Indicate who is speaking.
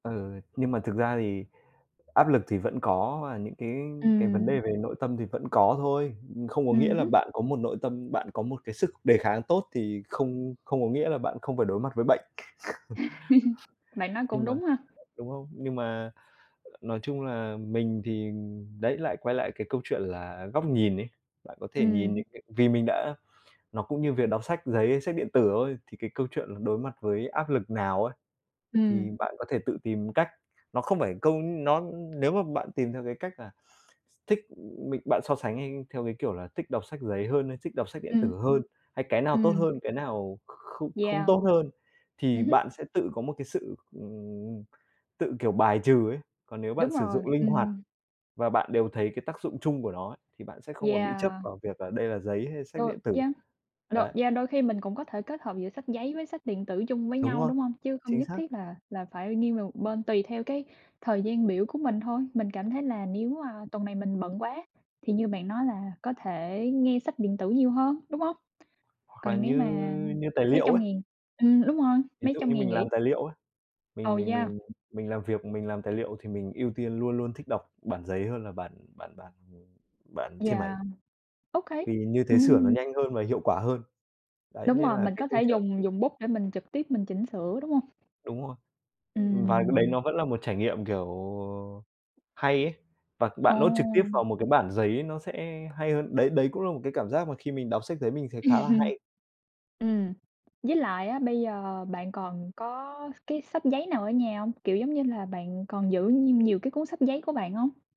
Speaker 1: Ừ, nhưng mà thực ra thì áp lực thì vẫn có và những cái cái vấn đề
Speaker 2: Ừm.
Speaker 1: về nội tâm thì vẫn có thôi. Ừm, không có nghĩa
Speaker 2: Ừm
Speaker 1: là
Speaker 2: hứm.
Speaker 1: bạn có một nội tâm bạn có một cái sức đề kháng tốt thì không không có nghĩa là bạn không phải đối mặt với bệnh.
Speaker 2: Bạn nói
Speaker 1: Nhưng
Speaker 2: cũng
Speaker 1: mà
Speaker 2: đúng ha!
Speaker 1: đúng không? Nhưng mà nói chung là mình thì đấy lại quay lại cái câu chuyện là góc nhìn ấy. Bạn có thể
Speaker 2: Ừm.
Speaker 1: nhìn những cái vì mình đã nó cũng như việc đọc sách giấy, sách điện tử thôi, thì cái câu chuyện là đối mặt với áp lực nào ấy,
Speaker 2: Ừm.
Speaker 1: thì bạn có thể tự tìm cách. Nó không phải câu, ưm, nó nếu mà bạn tìm theo cái cách là thích mình bạn so sánh nhanh theo cái kiểu là thích đọc sách giấy hơn hay thích đọc sách điện
Speaker 2: Ừm.
Speaker 1: tử hơn, hay cái nào tốt h
Speaker 2: Ừm.
Speaker 1: ơn, cái nào kh kh không không
Speaker 2: Yeah.
Speaker 1: tốt hơn, thì
Speaker 2: Ừm hứm.
Speaker 1: bạn sẽ tự có một cái sự, ừm, tự kiểu bài trừ ấy. Còn nếu bạn
Speaker 2: Đúng
Speaker 1: sử
Speaker 2: rồi,
Speaker 1: dụng linh hoạt
Speaker 2: ừm.
Speaker 1: và bạn đều thấy cái tác dụng chung của nó ấy thì bạn sẽ không còn bị chấp
Speaker 2: Yeah.
Speaker 1: vào việc là đây là giấy hay sách
Speaker 2: Đôi
Speaker 1: điện tử.
Speaker 2: yeah, đôi
Speaker 1: Đấy.
Speaker 2: yeah, đôi khi mình cũng có thể kết hợp giữa sách giấy với sách điện tử chung với
Speaker 1: Đúng
Speaker 2: nhau,
Speaker 1: rồi!
Speaker 2: đúng hông? Chứ không
Speaker 1: Chính
Speaker 2: nhất
Speaker 1: xác!
Speaker 2: thiết là là phải nghiêng về một bên, tùy theo cái thời gian biểu của mình thôi, mình cảm thấy là nếu, à, tuần này mình bận quá thì như bạn nói là có thể nghe sách điện tử nhiều hơn, đúng hông?
Speaker 1: Hoặc là
Speaker 2: Còn nếu
Speaker 1: như
Speaker 2: mà
Speaker 1: như tài
Speaker 2: mấy
Speaker 1: liệu
Speaker 2: trăm
Speaker 1: ấy.
Speaker 2: ngàn, ừm, đúng rồi,
Speaker 1: Ví
Speaker 2: mấy
Speaker 1: dụ
Speaker 2: trăm
Speaker 1: như
Speaker 2: ngày
Speaker 1: mình
Speaker 2: nghỉ.
Speaker 1: làm tài liệu ấy, mình
Speaker 2: Ồ,
Speaker 1: mình
Speaker 2: yeah!
Speaker 1: mình mình làm việc mình làm tài liệu thì mình ưu tiên luôn luôn thích đọc bản giấy hơn là bản bản bản, ừm, bản trên máy.
Speaker 2: Yeah, okay.
Speaker 1: vì như thế sửa nó
Speaker 2: Ừm!
Speaker 1: nhanh hơn và hiệu quả hơn. Đấy
Speaker 2: Đúng
Speaker 1: nên
Speaker 2: rồi,
Speaker 1: là
Speaker 2: mình
Speaker 1: cái
Speaker 2: có
Speaker 1: câu
Speaker 2: thể
Speaker 1: chuyện
Speaker 2: dùng dùng bút để mình trực tiếp mình chỉnh sửa, đúng hông?
Speaker 1: Đúng rồi. Ừm, vài cái đấy
Speaker 2: Ừm.
Speaker 1: nó vẫn là một trải nghiệm, kiểu, hay ấy và bạn note trực tiếp
Speaker 2: Ồ!
Speaker 1: vào một cái bản giấy nó sẽ hay hơn. Đấy, đấy cũng là một cái cảm giác mà khi mình đọc sách giấy mình thấy
Speaker 2: Ừm hừm.
Speaker 1: khá là hay.
Speaker 2: Ừm, với lại á, bây giờ bạn còn có s cái sách giấy nào ở nhà hông? Kiểu, giống như là, bạn còn giữ nhiêu nhiều cái cuốn sách giấy của bạn hông?